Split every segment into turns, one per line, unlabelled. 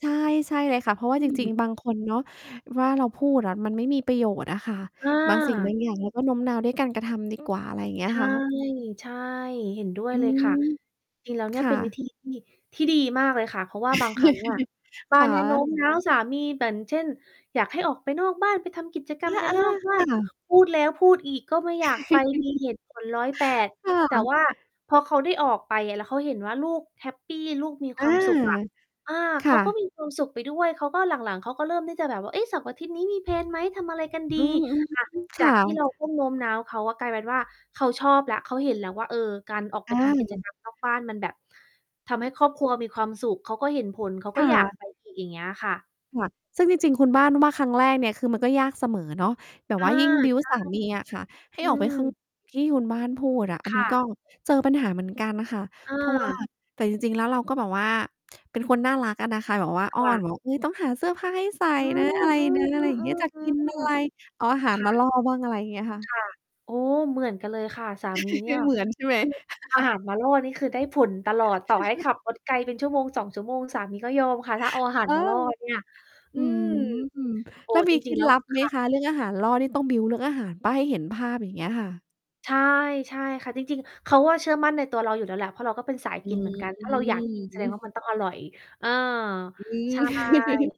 ใช่ ใช่เลยค่ะ เพราะว
อ
่า
ื
จริง
ม
ๆ บางคนเนาะ ว่าเราพูดอะ มันไม่มีประโยชน์อะค่ะ
อ
บางสิ่ง บ
า
างอย่างเราก็โน้มนาวด้วยการกระทำดี กว่า อะไรอย่าง เงี้
ใ
ย
ช่
ค่ะ
ใช่ เห็นด้วย
อื
เลยค่ะ
ม
จริง ๆ แล้วเน
ค
ี่ย
่
เป็นวิ
ะ
ธีที่ ที่ดีมากเลยค่ะ เพราะว่าบางครั้งอะ บ้
ค
าน
่
เนี้ยโน้ม
ะ
น้าวสามี อย่างเช่น อยากให้ออกไปนอกบ้านไปทำกิจกร
อ
รมกัน
า
นอกบ้
ๆ
า
ค
น
่ะ
พูดแล้วพูดอีก ก็ไม่อยากไปมีเหตุผลร้อยแปด
ค่
แต่
ะ
ว่าพอเขาได้ออกไป แล้วเขาเห็นว่า ลูกแฮปปี ลูกมี
อ
ค
า
วามสุขอะ อา
ค
เข
่
าก็
ะ
มีความสุขไปด้วย เขาก็หลัง ๆ เขาก็เริ่มที่จะแบบว่า "เอ๊ะ! เสาร์อาทิตย์นี้มี แพลน ไหม? ทำอะไรกันด
อ
ี?"
ืม อืม
ค่ะ
ค
จา
่
กที่เรา
ะ
ต้องโน้มน้าวเขา กลายเป็นว่าเขาชอบแล้ว เขาเห็นแล้วว่า เออ การออกไป
อ
ทำ กิจก
า
รรมนอก บ้าน มันแบบทำให้ครอบครัวมีความสุข เขาก็เห็นผล เขา
ค
ก็
่
อยาก
ะ
ไป อีก อย่างเงี้ยค่ะ
ค่ะ ซึ่งจริง ๆ คุณบ้านว่า ครั้งแรกเนี่ยคือมันก็ยากเสมอเนาะ แบบ
อา
ว่ายิ่ง บิล
ใ
ด
ช
์
่
สามีอะค่ะ ให้
อื
ออกไปข้าง
ม
ที่คุณบ้านพูดอะ อัน
ค
นี้
่ะ
ก็เจอปัญหาเหมือนกันค่ะ เพราะว่า
เออ
แต่จริง ๆ แล้วเราก็แบบว่าเป็นคนน่ารักอะนะคะ แบบว่าอ้
ค
อ
่
น
ะ
บอก อุ๊ย ต้องหาเสื้อผ้าให้ใส่
อื
น
อ
ะ อะไรนะ
ๆ
อะไรอย่างเงี้ย จะกินอะไร
ๆ ๆ ๆ
เอาอาหา
ๆ ค
ร
่
มา
ะ
ล่อบ้าง อะไรอย่างเงี้ยค่
ค
ะ
่ะ โอ้ เหมือนกันเลยค่ะสามีเน
ไ
ี
ม
่ย
่เหมือนใช่ไหม?
คือ อาหารมาล่อ นี่คือได้ผลตลอด ต่อให้ขับรถไกลเป็น 1-2 ชั่วโมง สามีก็ยอมค่ะ ถ้าเอาอาหา
เ
ร
ออ
มาล่อเนี่ย อ
อ
ื
ืม
ม โอ้
แล้วม
จ
ีเค
ร
ล
ิ
็
ง ๆ
ด
แล้
ล
ว
ับไหม
ค่ะ
คะ? เรื่องอาหารล่อนี่ต้อง บิลด์ เรื่องอาหารเปล่า ให้เห็นภาพ อย่างเงี้ยค่ะ
ใช่ ใช่ค่ะ จริง ๆ เขาก็เชื่อมั่นในตัวเราอยู่แล้วแหละ เพราะเราก็เป็นสาย
อื
กินเหมื
ม
อนกัน
อื
ถ้า
อ
เราอยาก กิน แส
ฮ
ด
ึ
งว่า มันต้องอร่อย เออ
อื
ใช่
ม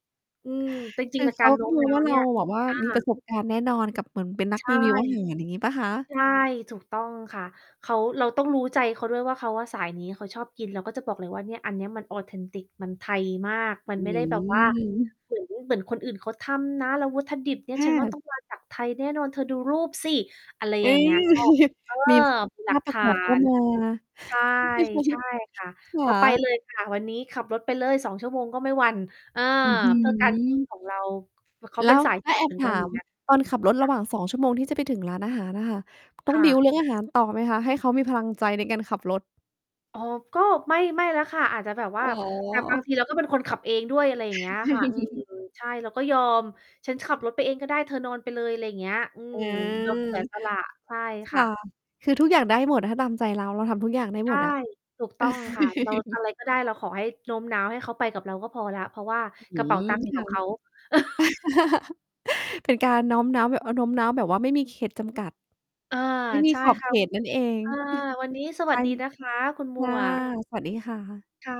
อืม จ
ค
ริง
ือ
ๆ
เ
ก
ข
า
า
รโน
ก
้
็
ม
ม
น
อง
้า
ว
ว
่า
เ
เ
น
ร
ี่
า
ย
แบบว่า
อา
มีประสบการณ์แน่นอน กับเหมือนเป็นนั
ใ
ก
ช่
รีวิวอาหาร อย่างงี้ เปล่าคะ?
ใช่ ถูก ต้องค่ะ เขา เราต้องรู้ใจเขาด้วยว่า เขาอะสายนี้ เขาชอบกิน แล้วก็จะบอกเลยว่าเนี่ย อันเนี้ยมัน Authentic มันไทยมาก มั
อ
น
ื
ไม่ได้แบบว่า
ม
เหมือน เหมือนคนอื่น เขาทำนะ แล้ววัตถุดิบเนี
แ
่
ท
ยฉันว่า ต
บ
้อง มาจาก ไทยแน่นอน เธอดูรูปสิ อะไร
เอ๊
อย่างเงี้ย ก็ เออ
มี
มีห
ภ
ลั
าพ
ก
ป
ฐ
ระก
า
อบก็
น
มา
ใช่ ใช่ค่ะ
ค่
ก็ไป
ะ
เลยค่ะ วันนี้ขับรถไปเลย 2 ชั่วโมง ก็ไม่หวั่น เออ
อื้อฮื
เพื่อการกิน
อ!
ของเรา เออ เขา
แล
เป็
้
น
ว
สาย
แล
ก
้ว
ิ
แ
น
อ
เหม
บ
ือน
ถ
กัน
า
อย่า
ม
งเงี้ย
ตอนขับรถ
ค
ร
่
ะห
ะ
ว่าง 2 ชั่วโมงที่จะไปถึงร้านอาหารอะค่ะ ต้
ค
อง
่
บิ
ะ
ลด์ เรื่องอาหารต่อไหมคะ? ให้เขามีพลังใจในการขับรถ
โอ้ ก็ ไม่ ไม่แล้วค่ะ อาจจะแบบว่
อ
า
๋
แต่บางท
อ
ีเราก็เป็นคนขับเองด้วย อะไรอย่างเงี้ยค่ะ อืม ใช่ เราก็ยอม ฉันขับรถไปเองก็ได้ เธอนอนไปเลย อะไรอย่างเงี้ย อืม ยอมเสีย
อา
สละ ใช่ค
ค
่
่ะ
ะ
คือทุกอย่างได้หมด ถ้าตามใจเรา เราทำทุกอย่างได้
ใช
หม
่
ดอะ
ถูกต้องค่ะ เราอะไรก็ได้ เราขอให้โน้มน้าวให้เขาไปกับเราก็พอแล้ว เพราะว่า
อื
ก
้
ระเป๋า
อ
ตังค์อยู่
ฮื
กับ
อ
เขา
ค่ะ เป็นการน้อมน้าว เอ๊ย โน้มน้าวแบบว่าไม่มีเขตจำกัด
อา
ไม่มี
ใช่
ขอบ
เข
เ
า
ขตนั่นเอง
อา วันนี้ส
ใค
วั
ร?
สดีนะคะ คุณหม
ค่ะ
วก
สวัสดีค่ะ
ค่ะ